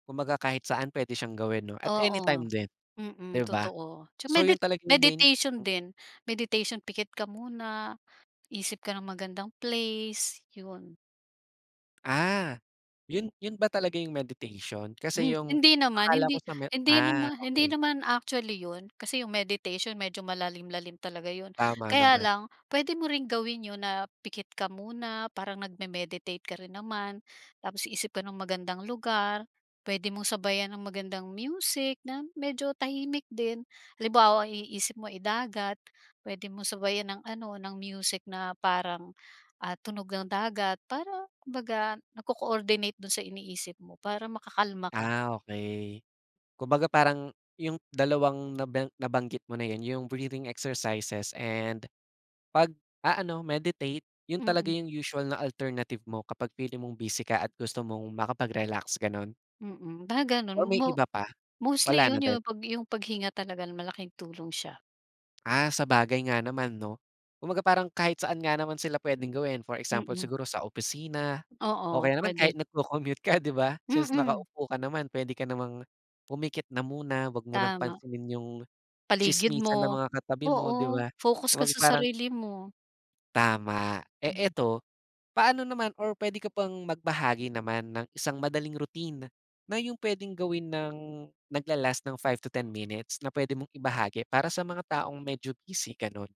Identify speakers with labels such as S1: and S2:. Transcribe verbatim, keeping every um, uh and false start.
S1: Kumbaga kahit saan puwede siyang gawin 'no, at
S2: Oo.
S1: anytime din,
S2: Mm,
S1: 'di ba?
S2: totoo. Sa
S1: So,
S2: medi
S1: yun talaga yung main
S2: meditation
S1: mm.
S2: din. Meditation, pikit ka muna, isip ka ng magandang place. So, yun.
S1: Ah, yun yun ba talaga yung meditation? Kasi
S2: Hmm,
S1: yung
S2: hindi naman
S1: akala ko
S2: hindi
S1: sa me
S2: hindi
S1: ah,
S2: naman hindi
S1: okey.
S2: naman actually yun. Kasi yung meditation medyo malalim-lalim talaga yun.
S1: Tama
S2: Kaya
S1: naman.
S2: lang puwede mo ring gawin yun na pikit ka muna parang nagme-meditate ka rin naman, tapos isip ka ng magandang lugar, puwede mong sabayan ng magandang music na medyo tahimik din. Halimbawa i-isip mo, eh, dagat, puwede mong sabayan ng ano, ng music na parang, ah, tunog ng dagat, parang kumbaga nagco-coordinate dun sa iniisip mo para makakalma ka.
S1: Ah, okey. Kumbaga parang yung dalawang naben nabanggit mo na yun, yung breathing exercises and pag-aano, meditate, yun talaga
S2: Mm.
S1: yung usual na alternative mo kapag feeling mong busy ka at gusto mong makapagrelaks, ganun?
S2: Mm, ba ganun,
S1: Or may
S2: mo
S1: iba pa?
S2: mostly
S1: Wala na
S2: yun
S1: din?
S2: yung pag yung paghinga talaga malaking tulong siya.
S1: Ah, sabagay nga naman, 'no? Kumbaga parang kahit saan nga naman sila puwedeng gawin. For example
S2: Mm.
S1: siguro sa opisina o
S2: Oo,
S1: kaya naman
S2: puwede.
S1: kahit nagco-commute ka, 'di ba, since
S2: Mm.
S1: nakaupo ka naman, puwede ka namang pumikit na muna. Huwag mo ng
S2: Tama.
S1: pansinin yung
S2: Paligid
S1: tsismisan ng
S2: mo.
S1: mga katabi mo, 'di
S2: Oo,
S1: ba?
S2: focus ka
S1: Huwag
S2: sa
S1: parang
S2: sarili mo.
S1: Tama. Eh,
S2: Mm.
S1: eto, paano naman or puwede ka bang magbahagi naman ng isang madaling routine, na yung puwedeng gawin ng nagla-last ng five to ten minutes na puwede mong ibahagi para sa mga taong medyo busy, ganun?